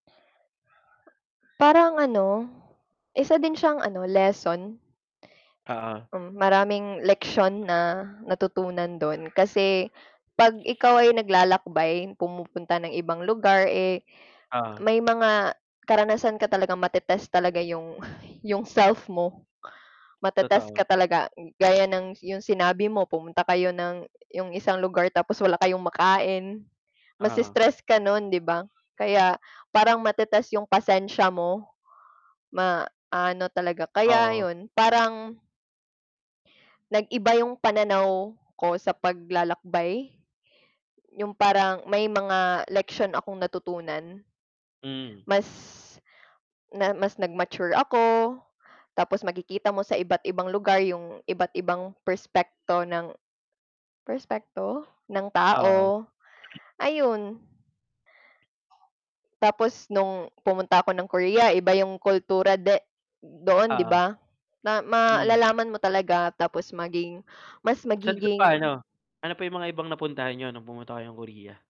Parang ano, isa din siyang ano lesson. Oo. Hmm, maraming leksyon na natutunan do'n kasi 'pag ikaw ay naglalakbay, pumupunta ng ibang lugar, eh, Oo. may mga karanasan ka talagang matetest talaga yung, yung self mo. Matetest Totoo. ka talaga, gaya ng 'yong sinabi mo pumunta kayo ng 'yong isang lugar tapos wala kayong makain, Oo. mase-stress ka no'n 'di ba? Kaya parang matetest 'yong pasensya mo, maano talaga kaya Oo. 'yon parang nag-iba yung pananaw ko sa paglalakbay. Yung parang may mga leksyon akong natutunan. Hmm. Mas, na mas nag-mature ako, tapos makikita mo sa iba't ibang lugar yung iba't ibang perspekto ng, perspekto? ng Oo. tao, ayun. Tapos nung pumunta ako ng Korea, iba yung kultura de doon 'di Oo. ba? Na Hmm. malalaman mo talaga tapos maging mas Saan ka magiging pa ano, ano pa yung mga ibang napuntahan nyo, nung pumunta kayong Korea?